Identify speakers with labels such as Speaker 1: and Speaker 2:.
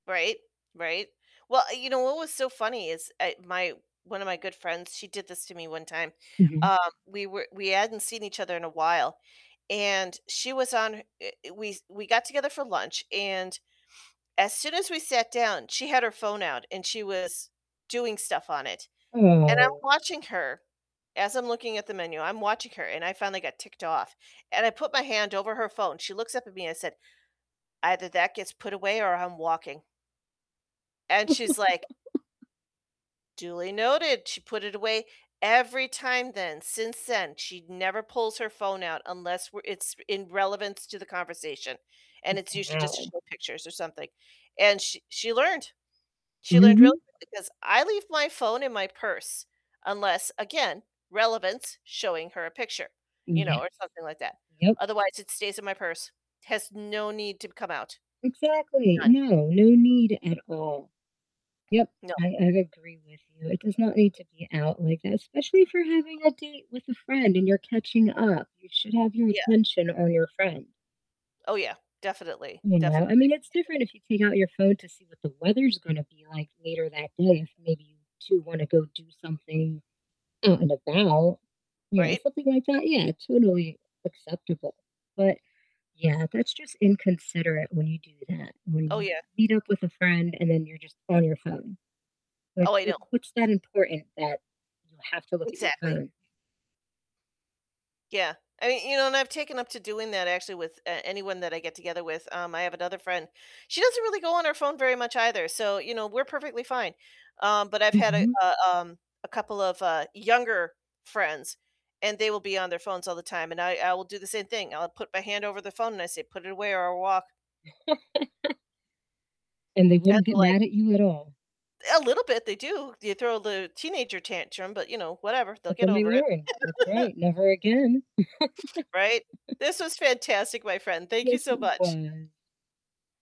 Speaker 1: Right. Right. Well, you know what was so funny is, eh, my one of my good friends, she did this to me one time.
Speaker 2: Mhm.
Speaker 1: Um, we were we hadn't seen each other in a while, and she was on eh, we s we got together for lunch, and as soon as we sat down, she had her phone out and she was doing stuff on it. And I'm
Speaker 2: Oh.
Speaker 1: watching her as I'm looking at the menu, I'm watching her, and I finally got ticked off, and I put my hand over her phone. She looks up at me and I said, "Either that gets put away or I'm walking." And she's like "Duly noted." She put it away. Every time then, since then, she never pulls her phone out unless we're it's in relevance to the conversation, and it's usually just to
Speaker 2: Wow.
Speaker 1: show pictures or something. And sh she learned. She learned real
Speaker 2: Mhm.
Speaker 1: quick, because I leave my phone in my purse, unless, again, relevance, showing her a picture, you know, or
Speaker 2: Yes.
Speaker 1: something like that.
Speaker 2: Yep.
Speaker 1: Otherwise, it stays in my purse. Has no need to come out.
Speaker 2: Exactly.
Speaker 1: None.
Speaker 2: No, no need at all. Yep.
Speaker 1: No.
Speaker 2: I I agree with you. It does not need to be out like that, especially if you're having a date with a friend and you're catching up. You should have your
Speaker 1: Yeah.
Speaker 2: attention on your friend.
Speaker 1: Oh, yeah. Definitely.
Speaker 2: You know? I
Speaker 1: Definitely.
Speaker 2: mean, it's
Speaker 1: You
Speaker 2: different
Speaker 1: know?
Speaker 2: if you take out your phone to see what the weather's gonna be like later that day if maybe you 2 wanna go do something out and about. You know,
Speaker 1: Right?
Speaker 2: something like that, yeah, totally acceptable. But yeah, that's just inconsiderate when you do that, when
Speaker 1: Oh,
Speaker 2: you
Speaker 1: yeah.
Speaker 2: meet up with a friend and then you're just on your phone. Like,
Speaker 1: Oh, I
Speaker 2: wh
Speaker 1: know.
Speaker 2: what's that important that you have to look at your
Speaker 1: Exactly.
Speaker 2: phone?
Speaker 1: Yeah. I mean, you know, and I've taken up to doing that actually with, uh, anyone that I get together with, um, I have another friend, she doesn't really go on her phone very much either, so, you know, we're perfectly fine. Um, but I've had a
Speaker 2: Mhm.
Speaker 1: a, um a couple of, uh, younger friends, and they will be on their phones all the time, and I I will do the same thing. I'll put my hand over the phone and I say, "Put it away or I'll walk."
Speaker 2: And they
Speaker 1: And
Speaker 2: wouldn't
Speaker 1: they're
Speaker 2: get
Speaker 1: like
Speaker 2: mad at you at all.
Speaker 1: A little bit, they do. They throw the teenager tantrum, but, you know, whatever, they'll
Speaker 2: But
Speaker 1: get
Speaker 2: then they
Speaker 1: over it.
Speaker 2: learn. That's right. Never again.
Speaker 1: Right? This was fantastic, my friend. Thank you
Speaker 2: Yes,
Speaker 1: so
Speaker 2: it
Speaker 1: much.
Speaker 2: was.